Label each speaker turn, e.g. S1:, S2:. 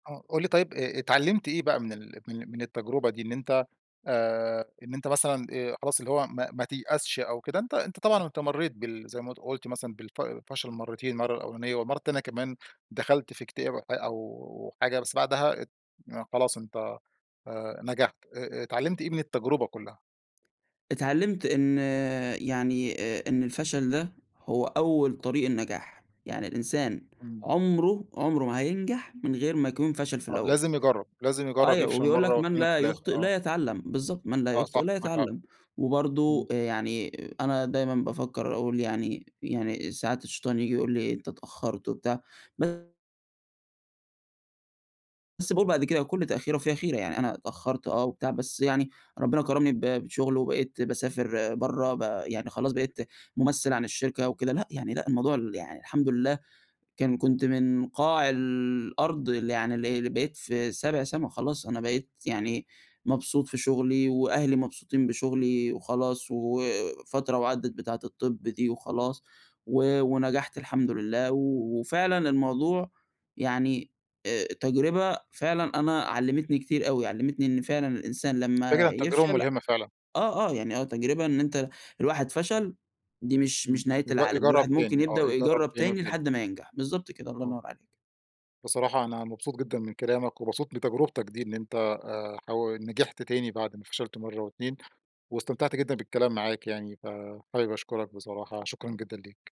S1: آه قُل لي طيّب اتعلمت إيه بقى من ال من من التجربة دي، إن أنت آآ إن أنت مثلًا آآ خلاص اللي هو ما ما تيأسش أو كده. أنت أنت طبعًا أنت مريت بال زي ما قلت مثلًا بالف فشل مرّتين، مرّة الأولانية والمرّة تانية كمان، دخلت في اكتئاب أو حاجة بس بعدها ات خلاص أنت آآ نجحت، ا اتعلمت إيه من التجربة كلّها؟
S2: اتعلمت إن يعني إ إن الفشل ده هو أوّل طريق النجاح، يعني الإنسان
S1: إمم.
S2: عمره عمره ما هينجح من غير ما يكون فشل في
S1: آه
S2: الأوّل.
S1: لازم يجرّب، لازم يجرّب
S2: أيوه
S1: يفشل
S2: وبيقول
S1: مرّة
S2: لك من
S1: و2
S2: لا
S1: و3،
S2: يخطئ
S1: آه.
S2: لا يتعلم، بالضبط من لا
S1: آه
S2: يخطئ
S1: صح
S2: لا
S1: معاك حق.
S2: يتعلم،
S1: إمم.
S2: وبرضه يعني أنا دايمًا بافكّر أقول يعني يعني ساعات الشيطان ييجي يقول لي أنت اتأخرت وبتاع بس باقول بعد كده كل تأخير وفيها خيرة، يعني أنا اتأخرت آه وبتاع بس يعني ربنا كرمني ب بشغل وبقيت باسافر برّه، ب يعني خلاص بقيت ممثّل عن الشركة وكده، لأ يعني لأ الموضوع ال يعني الحمد لله. كان كنت من قاع الأرض اللي يعني اللي اللي بقيت في سابع سما خلاص، أنا بقيت يعني مبسوط في شغلي وأهلي مبسوطين بشغلي، وخلاص وفترة وعدت بتاعة الطب دي وخلاص، و ونجحت الحمد لله وفعلًا الموضوع يعني آآ تجربة فعلًا أنا علمتني كتير أوي، علمتني إن فعلًا الإنسان
S1: فكرة إن
S2: لمّا
S1: التجربة
S2: يفشل
S1: ملهمة فعلًا.
S2: آه، آه، يعني آه تجربة إن أنت الواحد فشل دي مش
S1: امم
S2: مش نهاية
S1: ي
S2: العالم.
S1: يجرب
S2: الواحد ممكن
S1: تاني، آه
S2: يبدأ
S1: يجرب
S2: ويجرّب
S1: تاني
S2: تاني
S1: وتالت.
S2: لحد ما ينجح، بالضبط كده الله
S1: آه.
S2: ينوّر عليك.
S1: بصراحة أنا مبسوط جدًا من كلامك، ومبسوط من تجربتك دي، إن أنت آآ ح نجحت تاني بعد ما فشلت مرّة واتنين، واستمتعت جدًا بالكلام معاك يعني، فحابب أشكرك بصراحة شكرًا جدًا ليك.